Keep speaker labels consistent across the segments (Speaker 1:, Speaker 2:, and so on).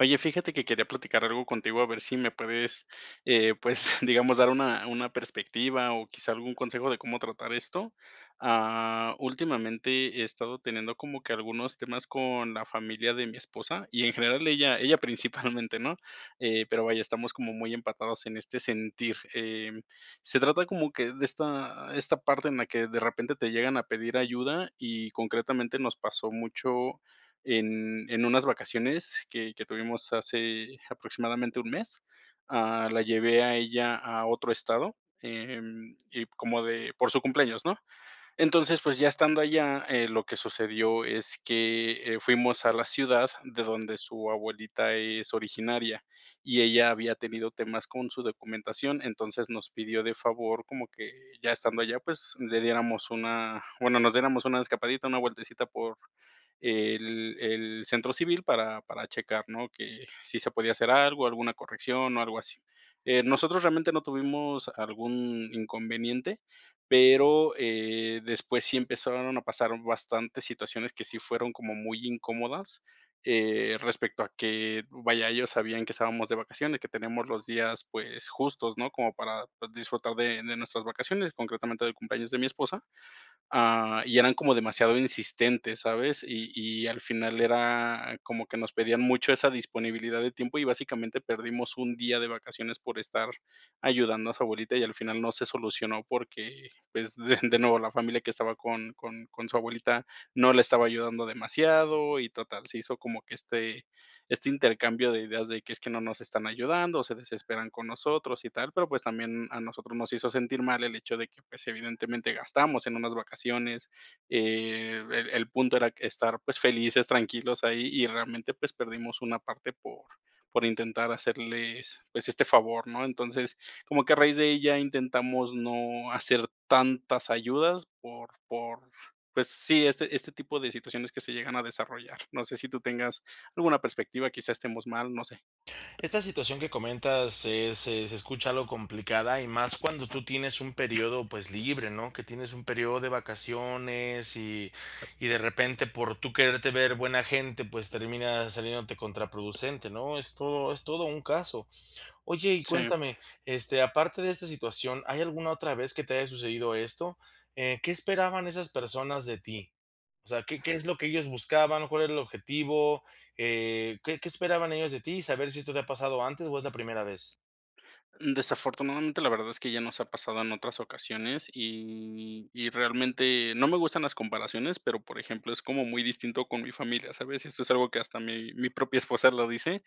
Speaker 1: Oye, fíjate que quería platicar algo contigo, a ver si me puedes, eh, pues, digamos, dar una una perspectiva o quizá algún consejo de cómo tratar esto. Ah, últimamente he estado teniendo como que algunos temas con la familia de mi esposa y, en general, ella ella principalmente, ¿no? Eh, pero, vaya, estamos como muy empatados en este sentir. Eh, se trata como que de esta esta parte en la que de repente te llegan a pedir ayuda y, concretamente, nos pasó mucho en en unas vacaciones que que tuvimos hace aproximadamente un mes. Ah, la llevé a ella a otro estado, eh, en y como de por su cumpleaños, ¿no? Entonces, pues, ya estando allá, eh, lo que sucedió es que, eh, fuimos a la ciudad de donde su abuelita es originaria, y ella había tenido temas con su documentación, entonces nos pidió de favor como que ya estando allá, pues, le diéramos una bueno, nos diéramos una escapadita, una vueltecita por el el centro civil para, para checar, ¿no? Que si se podía hacer algo, alguna corrección o algo así. Eh, nosotros realmente no tuvimos algún inconveniente, pero, eh, después sí empezaron a pasar bastantes situaciones que sí fueron como muy incómodas. Eh, respecto a que, vaya, ellos sabían que estábamos de vacaciones, que tenemos los días, pues justos, ¿no?, como para disfrutar de de nuestras vacaciones, concretamente del cumpleaños de mi esposa. Ah, y eran como demasiado insistentes, ¿sabes? Y y al final era como que nos pedían mucho esa disponibilidad de tiempo. Y básicamente perdimos un día de vacaciones por estar ayudando a su abuelita, y al final no se solucionó porque, pues, de de nuevo, la familia que estaba con con con su abuelita no le estaba ayudando demasiado y total, se hizo como que este este intercambio de ideas de que, es que: "No nos están ayudando, o se desesperan con nosotros y tal", pero, pues, también a nosotros nos hizo sentir mal el hecho de que, pues, evidentemente gastamos en unas vacaciones. Eh, el el punto era estar, pues, felices, tranquilos ahí, y realmente, pues, perdimos una parte por por intentar hacerles, pues, este favor, ¿no? Entonces, como que a raíz de ahí, intentamos no hacer tantas ayudas por por pues sí, este, este tipo de situaciones que se llegan a desarrollar. No sé si tú tengas alguna perspectiva, quizás estemos mal, no sé.
Speaker 2: Esta situación que comentas se se se escucha algo complicada y más cuando tú tienes un periodo, pues, libre, ¿no? Que tienes un periodo de vacaciones y, y de repente, por tú quererte ver buena gente, pues termina saliéndote contraproducente, ¿no? Es todo es todo un caso. Oye, y
Speaker 1: Sí.
Speaker 2: cuéntame, este, aparte de esta situación, ¿hay alguna otra vez que te haya sucedido esto? Eh, ¿qué esperaban esas personas de ti? O sea, ¿qué qué es lo que ellos buscaban? ¿Cuál era el objetivo? Eh, ¿qué qué esperaban ellos de ti? Y saber si esto te ha pasado antes o es la primera vez.
Speaker 1: Desafortunadamente, la verdad es que ya nos ha pasado en otras ocasiones y y realmente no me gustan las comparaciones, pero, por ejemplo, es como muy distinto con mi familia. ¿Sabes? Esto es algo que hasta mi mi propia esposa lo dice.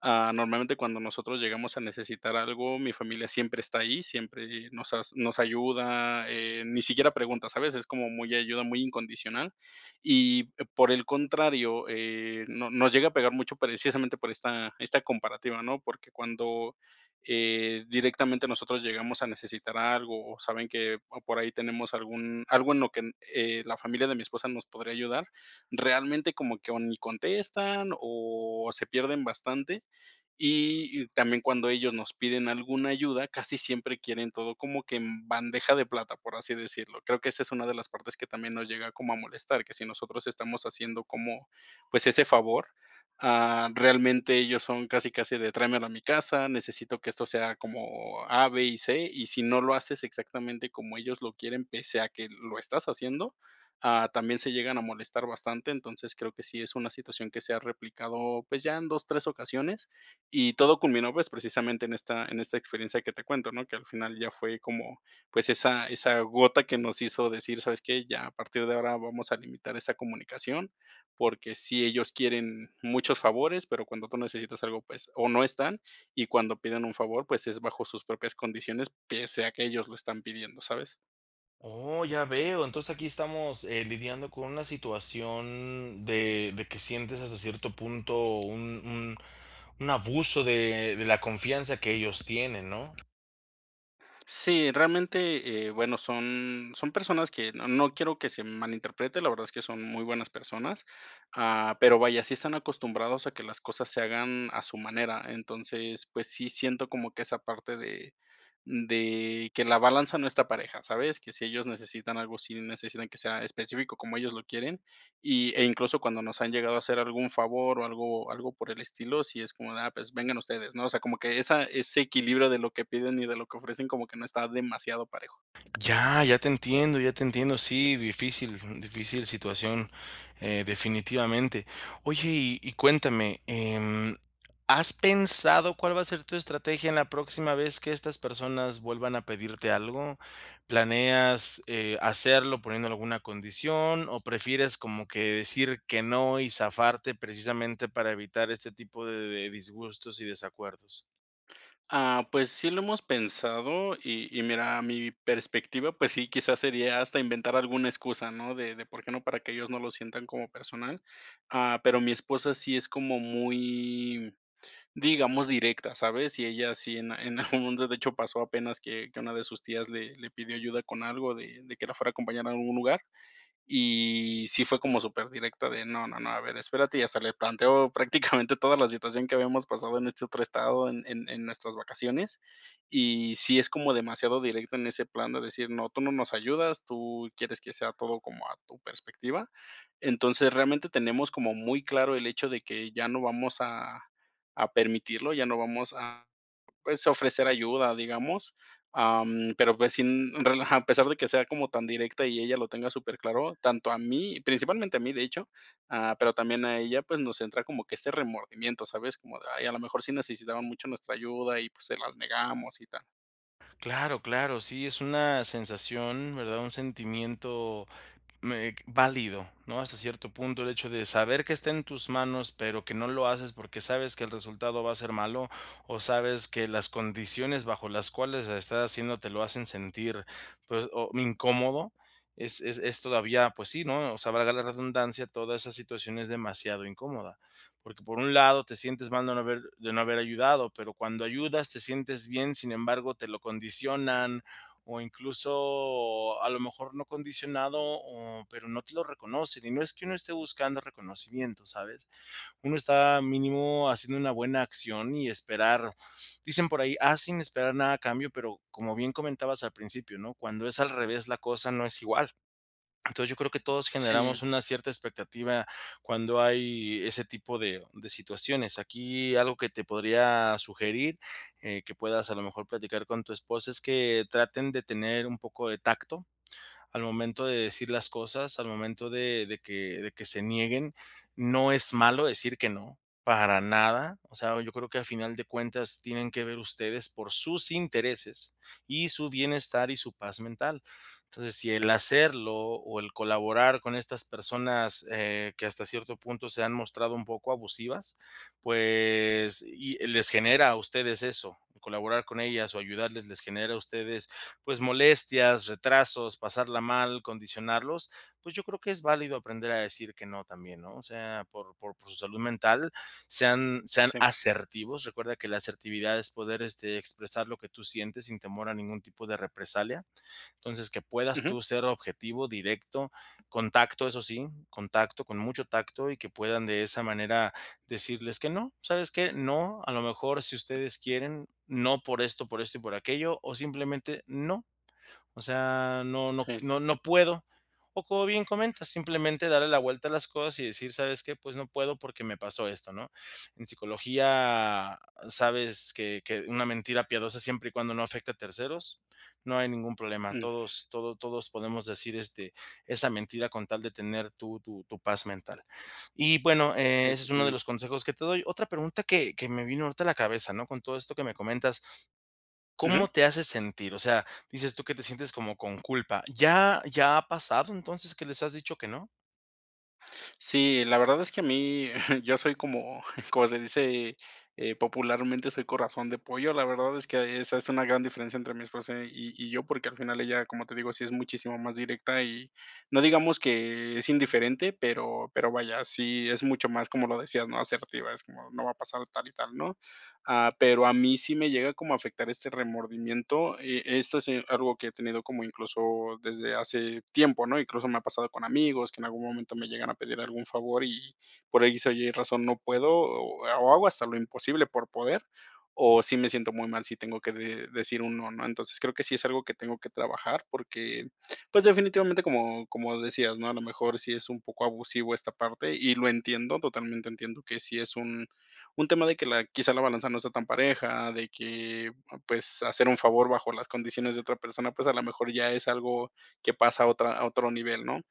Speaker 1: Ah, normalmente, cuando nosotros llegamos a necesitar algo, mi familia siempre está ahí. Siempre nos as nos ayuda, eh, ni siquiera pregunta, ¿sabes? Es como muy ayuda muy incondicional. Y, por el contrario, eh, nos nos llega a pegar mucho precisamente por esta esta comparativa, ¿no? Porque cuando, eh, directamente nosotros llegamos a necesitar algo o saben que, o por ahí tenemos algún algo en lo que en eh, la familia de mi esposa nos podría ayudar, realmente, como que o ni contestan o se pierden bastante. Y y también cuando ellos nos piden alguna ayuda, casi siempre quieren todo como que "en bandeja de plata", por así decirlo. Creo que esa es una de las partes que también nos llega como a molestar, que si nosotros estamos haciendo como, pues ese favor, ah, realmente ellos son casi, casi de: "Tráemelo a mi casa, necesito que esto sea como A, B y C", y si no lo haces exactamente como ellos lo quieren, pese a que l lo estás haciendo, ah, también se llegan a molestar bastante. Entonces, creo que sí es una situación que se ha replicado, pues, ya en 2, 3 ocasiones, y todo culminó, pues, precisamente en esta en esta experiencia que te cuento, ¿no? Que al final ya fue como, pues esa, esa gota que nos hizo decir: "¿Sabes qué? Ya a partir de ahora vamos a limitar esa comunicación", porque sí, ellos quieren muchos favores, pero cuando tú necesitas algo, pues, o no están, y cuando piden un favor, pues, es bajo sus propias condiciones, pese a que ellos lo están pidiendo, ¿sabes?
Speaker 2: Oh, ya veo. Entonces, aquí estamos, eh, lidiando con una situación, de de que sientes, hasta cierto punto, un un un abuso, de de la confianza, que ellos tienen, ¿no?
Speaker 1: Sí. Realmente, eh, bueno, son son personas que No no quiero, que se malinterprete. La verdad, es que son muy buenas personas, ah, pero, vaya, sí están acostumbrados, a que las cosas se hagan, a su manera. Entonces, pues sí siento, como que esa parte de de que la balanza no está pareja, ¿sabes? Que si ellos necesitan algo, sí necesitan que sea específico, como ellos lo quieren, y e incluso, cuando nos han llegado a hacer, algún favor, o algo-algo por el estilo, sí es como de: "Ah, pues vengan ustedes", ¿no? O sea, como que esa Ese equilibrio de lo que piden, y de lo que ofrecen, como que, no está demasiado parejo.
Speaker 2: Ya, ya te entiendo, ya te entiendo. Sí, difícil, mm, difícil situación, eh, definitivamente. Oye, y y cuéntame, em, ¿has pensado, cuál va a ser tu estrategia, en la próxima vez, que estas personas, vuelvan a pedirte algo? ¿Planeas eh, hacerlo, poniendo alguna condición, o prefieres como que, decir que no, y zafarte? Precisamente, para evitar este tipo de de disgustos y desacuerdos.
Speaker 1: Ah, pues, sí lo hemos pensado, y y mira, mi perspectiva, pues sí, quizás, sería hasta inventar alguna excusa, ¿no? De de, ¿por qué no? Para que ellos no lo sientan como personal. Ah, pero mi esposa sí es como muy, digamos, directa, ¿sabes? Y ella sí en en algún mundo, de hecho, pasó apenas que que a una de sus tías le le pidió ayuda con algo de de que la fuera a acompañar a un lugar, y sí fue como superdirecta de: "No, no, no, a ver, espérate", y hasta le planteo prácticamente toda la situación que habíamos pasado en este otro estado en en en nuestras vacaciones. Y sí es como demasiado directa en ese plan de decir: "No, tú no nos ayudas, tú quieres que sea todo como a tu perspectiva". Entonces, realmente, tenemos como muy claro el hecho de que ya no vamos a, a permitirlo, ya no vamos a, pues, a ofrecer ayuda, digamos, am, pero, pues, sin relajar, a pesar de que sea como tan directa y ella lo tenga superclaro, tanto a mí principalmente a mí, de hecho, ah, pero tambien a ella, pues, nos entra como que este remordimiento, ¿sabes? Como de: "Ay a lo mejor sí necesitaba mucho nuestra ayuda, y pues, se las negamos y tal".
Speaker 2: Claro, claro, sí, es una sensación, ¿verdad? Un sentimiento, mm, eh, válido, ¿no? Hasta cierto punto, el hecho de saber que está en tus manos, pero que no lo haces, porque sabes que el resultado va a ser malo, o sabes que las condiciones bajo las cuales la estás haciendo te lo hacen sentir, pues, o incómodo, es es es todavía, pues sí, ¿no? O sea, valga la redundancia, toda esa situación es demasiado incómoda, porque por un lado te sientes mal de no haber de no haber ayudado, pero cuando ayudas te sientes bien, sin embargo, te lo condicionan, o incluso, a lo mejor no condicionado, o pero no te lo reconocen. Y no es que uno esté buscando reconocimiento, ¿sabes? Uno está mínimo haciendo una buena acción y esperar dicen por ahí: "Haz, sin esperar nada a cambio". Pero como bien comentabas al principio, ¿no? Cuando es al revés, la cosa no es igual. Entonces, yo creo que todos generamos
Speaker 1: Sí.
Speaker 2: una cierta expectativa cuando hay ese tipo de, de situaciones. Aquí algo que te podría sugerir, eh, que puedas, a lo mejor, platicar con tu esposa, es que traten de tener un poco de tacto, al momento de decir las cosas, al momento de de que de que se nieguen, no es malo decir que no, para nada. O sea, yo creo que a final de cuentas tienen que ver ustedes por sus intereses, y su bienestar, y su paz mental. Entonces, si el hacerlo, o el colaborar con estas personas, eh, que hasta cierto punto se han mostrado un poco abusivas, pues y les genera a ustedes eso, colaborar con ellas o ayudarles les genera a ustedes, pues, molestias, retrasos, pasarla mal, condicionarlos, pues, yo creo que es válido aprender a decir que no también, ¿no? O sea, por por por su salud mental sean, sean
Speaker 1: Sí.
Speaker 2: asertivos, recuerda que la asertividad es poder, este, expresar lo que tú sientes sin temor a ningún tipo de represalia. Entonces, que puedas
Speaker 1: Ujú.
Speaker 2: tú ser objetivo directo, con tacto, eso sí, con tacto con mucho tacto, y que puedan de esa manera decirles que no, ¿sabes qué? No, a lo mejor si ustedes quieren, no por esto, por esto y por aquello, o simplemente no. O sea, no no
Speaker 1: Sí.
Speaker 2: no, no puedo. O como bien comentas, simplemente darle la vuelta a las cosas, y decir: "¿Sabes qué? Pues no puedo, porque me pasó esto", ¿no? En psicología sabes que que una mentira piadosa siempre y cuando no afecte a terceros, no hay ningún problema.
Speaker 1: Mm.
Speaker 2: Todos todo todos podemos decir, este, esa mentira con tal de tener tu tu tu paz mental. Y, bueno, eh,
Speaker 1: Sí,
Speaker 2: ese es uno de
Speaker 1: totalmente.
Speaker 2: los consejos que te doy. Otra pregunta que que me vino ahorita a la cabeza, ¿no? Con todo esto que me comentas,
Speaker 1: Ujú.
Speaker 2: ¿cómo te hace sentir? O sea, dices tú que te sientes como con culpa, ¿ya ya ha pasado, entonces, que les has dicho que no?
Speaker 1: Sí, la verdad es que a mí, yo soy como, como se dice, eh, popularmente, soy corazón de pollo. La verdad es que esa es una gran diferencia entre mi esposa y y yo, porque al final ella, como te digo, sí es muchísimo más directa y no digamos que es indiferente, pero, pero vaya, sí es mucho más como lo decías, ¿no? Asertiva, es como: "No va a pasar tal y tal, ¿no?". Ah, pero a mí sí me llega como a afectar este remordimiento, eh, esto si es algo que he tenido como, incluso, desde hace tiempo, ¿no? Incluso, me ha pasado con amigos, que en algún momento me llegan a pedir algún favor y, por X o Y razón no puedo, o ha hago hasta lo imposible por poder, o sí me siento muy mal si tengo que de decir un no, ¿no? Entonces, creo que sí es algo que tengo que trabajar, porque, pues, definitivamente, como como decías, ¿no? A lo mejor, sí es un poco abusivo esta parte, y lo entiendo, totalmente entiendo que sí es un, un tema de que la quizá, la balanza no sea tan pareja, de que, pues, hacer un favor bajo las condiciones de otra persona, pues, a la mejor ya es algo que pasa a otra a otro nivel, ¿no?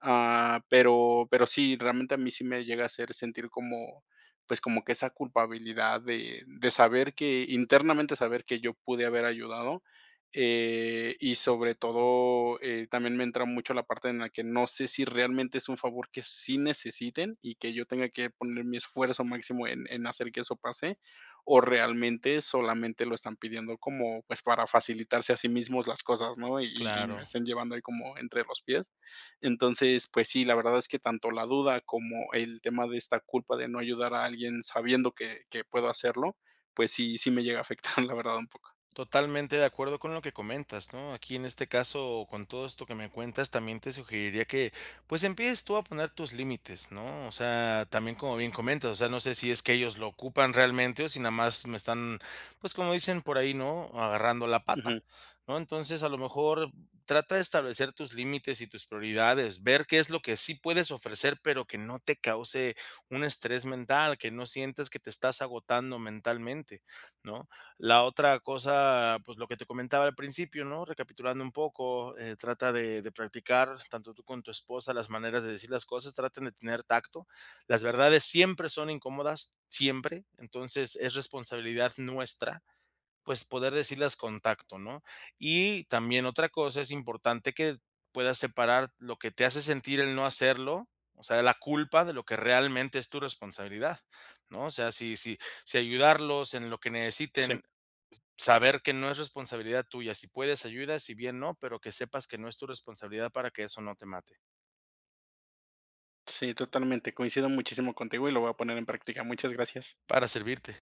Speaker 1: Ah, pero, pero sí, realmente a mí sí me llega a hacer sentir como, pues, como que esa culpabilidad de, de saber que internamente saber que yo pude haber ayudado. Eh, y sobre todo eh, también me entra mucho la parte en la que no sé si realmente es un favor que sí necesiten, y que yo tenga que poner mi esfuerzo máximo en en hacer que eso pase, o realmente solamente lo están pidiendo como, pues, para facilitarse a sí mismos las cosas, ¿no? Y y me
Speaker 2: Claro.
Speaker 1: estén llevando ahí como entre los pies. Entonces, pues sí, la verdad es que tanto la duda como el tema de esta culpa de no ayudar a alguien sabiendo que que puedo hacerlo, pues sí sí, me llega a afectar, la verdad, un poco.
Speaker 2: Totalmente de acuerdo con lo que comentas, ¿no? Aquí, en este caso, con todo esto que me cuentas, también te sugeriría que, pues, empieces tú a poner tus límites, ¿no? O sea, también, como bien comentas, o sea, no sé si es que ellos lo ocupan realmente, o si nada más me están, pues, como dicen por ahí, ¿no?: "Agarrando la pata,
Speaker 1: Ujú.
Speaker 2: ¿no?". Entonces, a lo mejor trata de establecer tus límites y tus prioridades, ver qué es lo que sí puedes ofrecer, pero que no te cause un estrés mental, que no sientes que te estás agotando mentalmente, ¿no? La otra cosa, pues, lo que te comentaba al principio, ¿no? Recapitulando un poco, eh, trata de de practicar tanto tú con tu esposa las maneras de decir las cosas, traten de tener tacto, las verdades siempre son incómodas, siempre. Entonces, es responsabilidad nuestra, pues, poder decirlas con tacto, ¿no? Y también otra cosa, es importante que, puedas separar lo que te hace sentir el no hacerlo, o sea, la culpa de lo que realmente es tu responsabilidad, ¿no? O sea, si si si ayudarlos en lo que
Speaker 1: Sí.
Speaker 2: necesiten, s saber que no es responsabilidad tuya, si puedes ayudas, si bien no, pero que sepas que no es tu responsabilidad para que eso no te mate.
Speaker 1: Sí, totalmente, coincido muchísimo contigo, y lo voy a poner en práctica, muchas gracias.
Speaker 2: Para servirte.